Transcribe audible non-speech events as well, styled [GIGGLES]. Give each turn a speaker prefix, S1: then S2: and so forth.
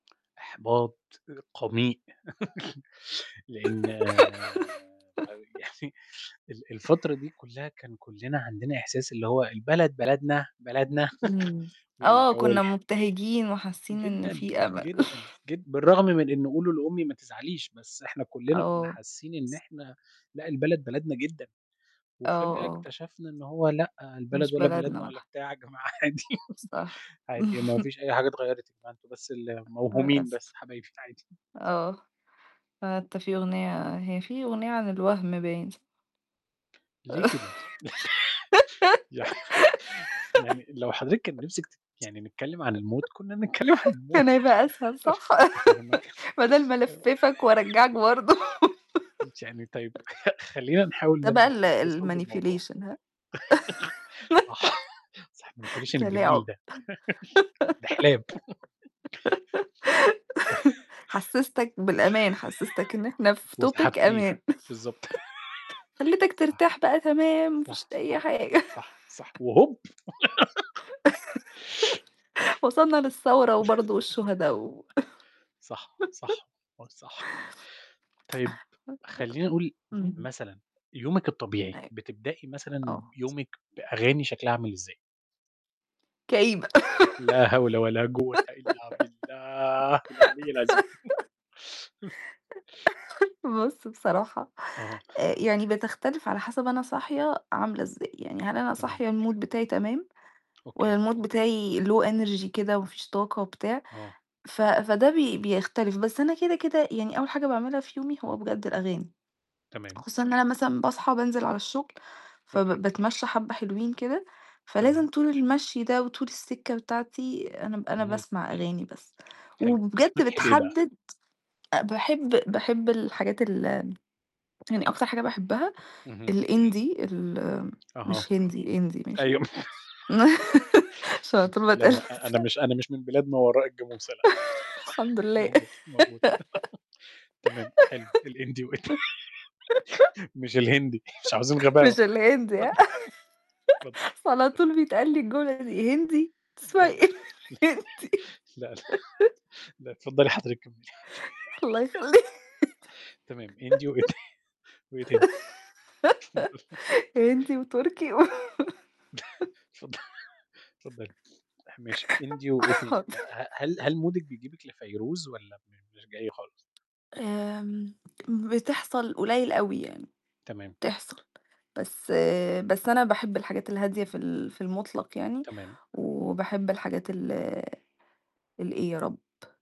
S1: إحباط قميئ [CHUCKLES] لأن
S2: [GIGGLES]
S1: يعني ال الفترة دي كلها كان كلّنا عندنا إحساس اللي هو البلد بلدنا بلدنا
S2: امم
S1: [CHUCKLES]
S2: آه
S1: والجو
S2: كنا
S1: الح
S2: مبتهجين وحاسين إن
S1: جدًا،
S2: في أمل.
S1: جدًا
S2: [CHUCKLES]
S1: جد بالرغم من إن قولوا لأمي ما تزعليش، بس إحنا كلنا كنا
S2: آه.
S1: حاسين إن إحنا لأ البلد بلدنا جدًا
S2: آه،
S1: وفجأة
S2: آه.
S1: اكتشفنا إن هو لأ
S2: مش
S1: البلد ولا
S2: بلدنا
S1: بلدنا
S2: ولا
S1: ولا
S2: ح
S1: بتاع يا جماعة عادي.
S2: صح.
S1: [CHUCKLES] عادي ما
S2: [CHUCKLES]
S1: فيش أي حاجة اتغيرت، يا جماعة أنتم بس اللي
S2: آه،
S1: موهومين بس
S2: للأسف.
S1: يا حبايبي عادي. [CHUCKLES]
S2: آه. آه أنت في أغنية هي في أغنية عن الوهم باين.
S1: ليه كده؟ [LAUGHS] يع [LAUGHS] يعني لو حضرتِك كان نفسِك تت يعني نتكلم عن الموت، كنا بنتكلم عن
S2: [GIGGLES]
S1: الموت.
S2: كان هيبقى أسهل صح؟
S1: أنا ما [UNINTELLIGIBLE]
S2: [LAUGHS] بدل ما
S1: [LAUGHS]
S2: ألفّفك وأرجّعك برضه
S1: يعني طيب [CHUCKLES] خلينا
S2: [LAUGHS]
S1: نحاول
S2: تبع
S1: نرجع
S2: ال
S1: لصُلب الموضوع.
S2: الmanipulation هاه؟
S1: [CHUCKLES]
S2: [GIGGLES]
S1: صح [CHUCKLES] الmanipulation الجميل
S2: تلاعب
S1: ده [CHUCKLES] دِحلاب. [CHUCKLES]
S2: [GIGGLES]
S1: [CHUCKLES]
S2: حسّستَك بالأمان، حسّستَك إن إحنا
S1: [LAUGHS]
S2: في topic
S1: وسحبتيه،
S2: أمان.
S1: بالضبط.
S2: [CHUCKLES] خلّيتك
S1: [LAUGHS]
S2: ترتاح بقى تمام ما فيش
S1: صح،
S2: أي
S1: صح،
S2: حاجة.
S1: صح، صح
S2: [CHUCKLES]
S1: وهوب! [GIGGLES]
S2: [LAUGHS] وصلنا للثورة وبرضه والشهدا و
S1: [LAUGHS] صح،
S2: [LAUGHS]
S1: صح، آه، صح. طيب خلينا نقول
S2: [UNINTELLIGIBLE] امم.
S1: مثلًا يومِك الطبيعي،
S2: أيوه.
S1: بتبدئي مثلًا
S2: آه.
S1: يومِك بأغاني شكلها عامل إزاي؟
S2: كئيبة
S1: لا هول ولا جوة إلا بالله العلي العظيم
S2: [GIGGLES]
S1: [CHUCKLES]
S2: [CHUCKLES] بُص بصراحة،
S1: أها. [CHUCKLES]
S2: آآ يعني بتختلف على حسب أنا صاحية عاملة إزاي، يعني هل أنا
S1: تمام.
S2: صاحية المود بتاعي تمام، والّا
S1: أوكي.
S2: المود بتاعي low energy كده وما فيش طاقة وبتاع
S1: آه.
S2: ف فده بي بيختلف، بس أنا كده كده يعني أول حاجة باعملها في يومي هو
S1: آه.
S2: بجد الأغاني.
S1: تمام.
S2: خصوصًا إن أنا مثلًا باصحى بانزل على الشغل
S1: أوكي.
S2: فب باتمشى حبة حلوين كده، فلازم
S1: تمام.
S2: طول المشي ده وطول السكة بتاعتي أنا أنا
S1: إهم.
S2: باسمع أغاني بس.
S1: حلو،
S2: وبجد
S1: بتصطبحي بإيه بقى؟
S2: بتحدد أ باحب باحب الحاجات ال يعني أكتر حاجة باحبها
S1: اهم.
S2: الindie ال
S1: أها.
S2: مش هندي، indie، ماشي؟
S1: أيوه. [LAUGHS]
S2: [LAUGHS] عشان على طول
S1: لا ما أنا
S2: [UNINTELLIGIBLE]
S1: مش أنا مش من بلاد ما وراء الجاموسة، لأ.
S2: [CHUCKLES]
S1: [CHUCKLES]
S2: الحمد لله
S1: موجود موجود [LAUGHS] تمام حلو الindie وإيه تا
S2: [LAUGHS]
S1: [LAUGHS] مش الهندي، [CHUCKLES] مش عاوزين
S2: [CHUCKLES]
S1: غباوة.
S2: مش
S1: [CHUCKLES]
S2: الهندي، هاه؟
S1: اتفضل اتفضل
S2: [LAUGHS] أصل على
S1: اتفضلي.
S2: طول بيتقال لي الجملة دي، "هندي؟!
S1: لا. لا،
S2: بتسمعي
S1: لا،
S2: إيه هندي؟"
S1: لا، لا.
S2: [LAUGHS]
S1: لأ، اتفضلي حضرتِك كملي.
S2: الله يخليك
S1: [LAUGHS] تمام indie وإيه ت وإيه تاني؟ اتفضلي.
S2: [GIGGLES] هندي وتركي و
S1: [CHUCKLES]
S2: [CHUCKLES]
S1: اتفض اتفضلي، ماشي indie وإيه تاني؟
S2: حاضر.
S1: ه هل هل مودِك بيجيبِك لفيروز والّا م مش جاي خالص؟
S2: آمم بتحصل قليل أوي يعني،
S1: تمام.
S2: بتحصل بس بس أنا باحب الحاجات الهادية في ال في المطلق يعني،
S1: تمام.
S2: وباحب الحاجات ال الإيه يا رب؟